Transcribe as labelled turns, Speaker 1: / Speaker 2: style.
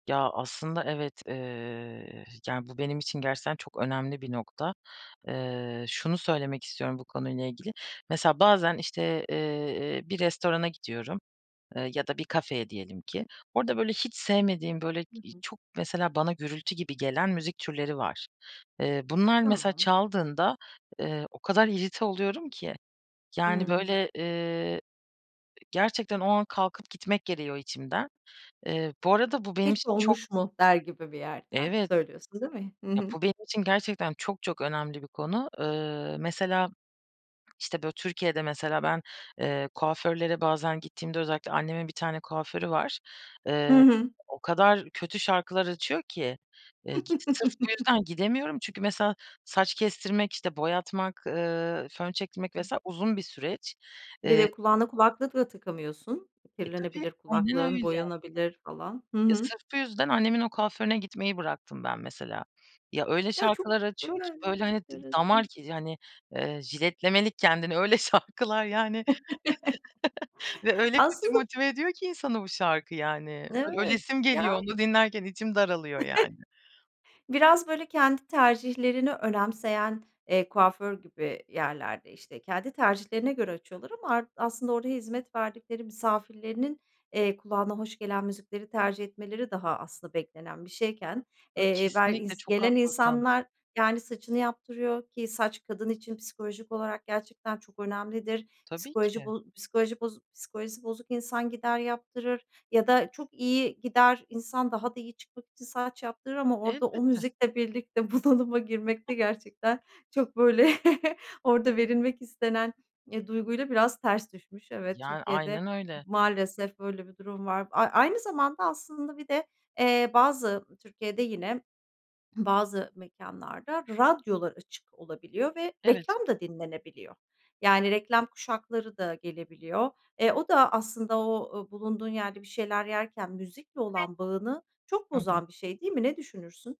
Speaker 1: Ya, aslında evet, eee, yani bu benim için gerçekten çok önemli bir nokta. Eee, şunu söylemek istiyorum bu konuyla ilgili, mesela bazen işte, eee, e bir restorana gidiyorum, eee, ya da bir kafeye diyelim ki. Orada böyle hiç sevmediğim böyle
Speaker 2: Hı
Speaker 1: i
Speaker 2: hı.
Speaker 1: çok mesela bana gürültü gibi gelen müzik türleri var. Eee, bunlar mesela
Speaker 2: Tamam.
Speaker 1: çaldığında, eee, o kadar irrite oluyorum ki. Yani
Speaker 2: Hıı.
Speaker 1: böyle, eee, gerçekten o an kalkıp gitmek geliyor içimden. Eee, bu arada bu benim
Speaker 2: Hiç,
Speaker 1: için çok
Speaker 2: "Olmuş mu?" der gibi bir yerden
Speaker 1: Evet.
Speaker 2: söylüyorsun değil mi? Hı
Speaker 1: Ya,
Speaker 2: hı.
Speaker 1: bu benim için gerçekten çok, çok önemli bir konu. Iıı, mesela, işte böyle Türkiye'de mesela ben, eee, kuaförlere bazen gittiğimde özellikle annemin bir tane kuaförü var.
Speaker 2: Hı
Speaker 1: Iıı,
Speaker 2: hı.
Speaker 1: o kadar kötü şarkılar açıyor ki, iii, k sırf bu yüzden gidemiyorum. Çünkü mesela saç kestirmek, işte boyatmak, ııı, fön çektirmek vs. uzun bir süreç.
Speaker 2: Bir
Speaker 1: Eee
Speaker 2: de kulağını kulaklıkla takamıyorsun.
Speaker 1: E, tabii
Speaker 2: Kirlenebilir
Speaker 1: aynen
Speaker 2: kulaklığın
Speaker 1: öyle.
Speaker 2: boyanabilir falan. Hı
Speaker 1: Ya,
Speaker 2: hı.
Speaker 1: sırf bu yüzden annemin o kuaförüne gitmeyi bıraktım ben mesela. Ya, öyle
Speaker 2: Ya, çok
Speaker 1: şarkılar açıyor ki, böyle
Speaker 2: [unintelligible]
Speaker 1: hani t
Speaker 2: enteresan.
Speaker 1: damar ki hani, ııı, jiletlemelik kendini. Öyle şarkılar yani ve öyle kötü
Speaker 2: Aslında bu
Speaker 1: motive ediyor ki insanı bu şarkı, yani. Ö
Speaker 2: Evet,
Speaker 1: ölesim geliyor,
Speaker 2: ya
Speaker 1: onu dinlerken içim daralıyor, yani.
Speaker 2: Biraz böyle kendi tercihlerini önemseyen, eee, kuaför gibi yerlerde işte kendi tercihlerine göre açıyorlar ama ar aslında oraya hizmet verdikleri misafirlerinin, eee, kulağına hoş gelen müzikleri tercih etmeleri daha aslında beklenen bir şeyken,
Speaker 1: A,
Speaker 2: eee, ber
Speaker 1: kesinlikle
Speaker 2: ins
Speaker 1: çok
Speaker 2: gelen
Speaker 1: haklısın.
Speaker 2: insanlar yani saçını yaptırıyor ki saç kadın için psikolojik olarak gerçekten çok önemlidir.
Speaker 1: Tabii
Speaker 2: Psikoloji
Speaker 1: ki.
Speaker 2: bo psikoloji boz psikolojisi bozuk insan gider yaptırır ya da çok iyi gider insan daha da iyi çıkmak için saç yaptırır ama orada o
Speaker 1: Elbette.
Speaker 2: müzikle birlikte bunalıma girmekte
Speaker 1: [unintelligible]
Speaker 2: gerçekten çok böyle orada verilmek istenen, eee, duyguyla biraz ters düşmüş. Evet,
Speaker 1: Yani,
Speaker 2: Türkiye'de
Speaker 1: aynen öyle.
Speaker 2: maalesef böyle bir durum var. A a aynı zamanda aslında bir de, eee, bazı Türkiye'de yine bazı mekânlarda radyolar açık olabiliyor ve
Speaker 1: Evet.
Speaker 2: reklam da dinlenebiliyor. Yani reklam kuşakları da gelebiliyor. Eee, o da aslında o bulunduğun yerde bir şeyler yerken müzikle olan bağını
Speaker 1: [unintelligible]
Speaker 2: çok
Speaker 1: .Hı hı.
Speaker 2: bozan bir şey değil mi? Ne düşünürsün?